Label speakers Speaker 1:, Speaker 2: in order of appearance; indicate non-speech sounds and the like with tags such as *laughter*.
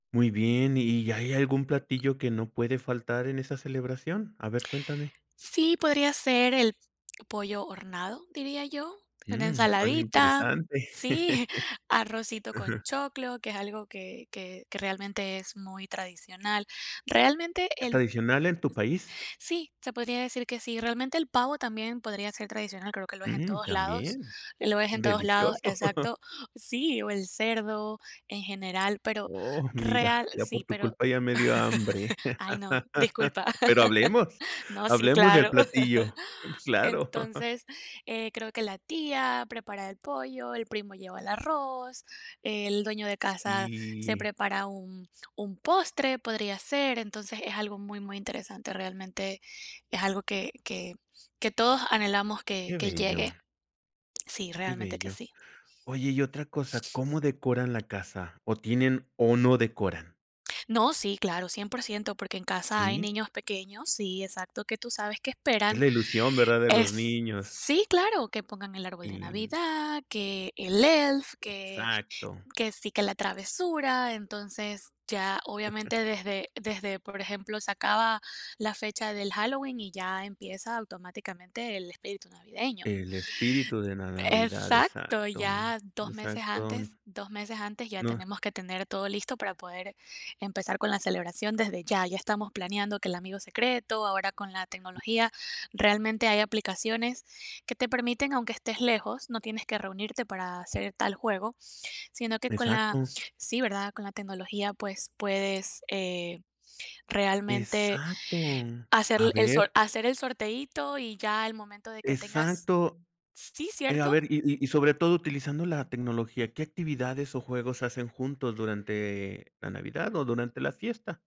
Speaker 1: Muy bien, ¿y hay algún platillo que no puede faltar en esa celebración? A ver, cuéntame.
Speaker 2: Sí, podría ser el pollo horneado, diría yo. Una
Speaker 1: Mm, suena
Speaker 2: ensaladita,
Speaker 1: interesante,
Speaker 2: sí, *chuckles*
Speaker 1: *chuckles*
Speaker 2: arrocito con
Speaker 1: ajá.
Speaker 2: choclo, que es algo que que que realmente es muy tradicional, realmente,
Speaker 1: ¿Es
Speaker 2: el
Speaker 1: tradicional en tu país?
Speaker 2: sí, se podría decir que sí, realmente el pavo también podría ser tradicional, creo que lo es en
Speaker 1: Mm,
Speaker 2: todos lados.
Speaker 1: también,
Speaker 2: Lo ves en todos lados,
Speaker 1: delicioso. *chuckles*
Speaker 2: exacto sí, o el cerdo en general, pero
Speaker 1: Oh, mira,
Speaker 2: real,
Speaker 1: ya por
Speaker 2: sí,
Speaker 1: tu
Speaker 2: pero *chuckles*
Speaker 1: culpa ya me dio hambre,
Speaker 2: Ay, no, disculpa,
Speaker 1: *laughs* pero
Speaker 2: *laughs*
Speaker 1: hablemos,
Speaker 2: no, sí,
Speaker 1: hablemos del
Speaker 2: claro.
Speaker 1: platillo, claro. *chuckles*
Speaker 2: Entonces, eh, creo que la tía prepara el pollo, el primo lleva el arroz, el dueño de casa se
Speaker 1: Sí.
Speaker 2: prepara un un postre, podría ser. Entonces, es algo muy, muy interesante. Realmente es algo que que que todos anhelamos que
Speaker 1: Qué
Speaker 2: que
Speaker 1: bello.
Speaker 2: llegue, sí,
Speaker 1: Qué
Speaker 2: realmente que
Speaker 1: bello,
Speaker 2: sí.
Speaker 1: oye, y otra cosa, ¿cómo decoran la casa? ¿O tienen o no decoran?
Speaker 2: No, sí, claro, 100%, porque en casa hay
Speaker 1: ¿Sí?
Speaker 2: niños pequeños sí, exacto, que tú sabes que
Speaker 1: Es
Speaker 2: esperan,
Speaker 1: la ilusión, ¿verdad? De los
Speaker 2: es
Speaker 1: niños.
Speaker 2: Sí, claro, que pongan el árbol de
Speaker 1: Sí.
Speaker 2: Navidad, que el Elf, que
Speaker 1: Exacto.
Speaker 2: que sí, que la travesura. Entonces, ya obviamente
Speaker 1: *chuckles*
Speaker 2: desde desde, por ejemplo, se acaba la fecha del Halloween y ya empieza automáticamente el espíritu navideño.
Speaker 1: El espíritu de la Navidad,
Speaker 2: Exacto,
Speaker 1: exacto,
Speaker 2: ya 2 meses
Speaker 1: exacto.
Speaker 2: antes 2 meses antes ya
Speaker 1: No.
Speaker 2: tenemos que tener todo listo para poder empezar con la celebración desde ya. Ya estamos planeando que el amigo secreto, ahora con la tecnología realmente hay aplicaciones que te permiten, aunque estés lejos, no tienes que reunirte para hacer tal juego, sino que con la
Speaker 1: Exacto.
Speaker 2: Sí, ¿verdad? Con la tecnología, pues puedes, eh, realmente
Speaker 1: Exacto,
Speaker 2: hacer
Speaker 1: a
Speaker 2: el sor
Speaker 1: ver.
Speaker 2: hacer el sorteíto y ya al momento de que tengas
Speaker 1: Exacto,
Speaker 2: Sí,
Speaker 1: eh, a
Speaker 2: ¿cierto?
Speaker 1: ver, y y y sobre todo utilizando la tecnología, ¿qué actividades o juegos hacen juntos durante la Navidad o durante la fiesta?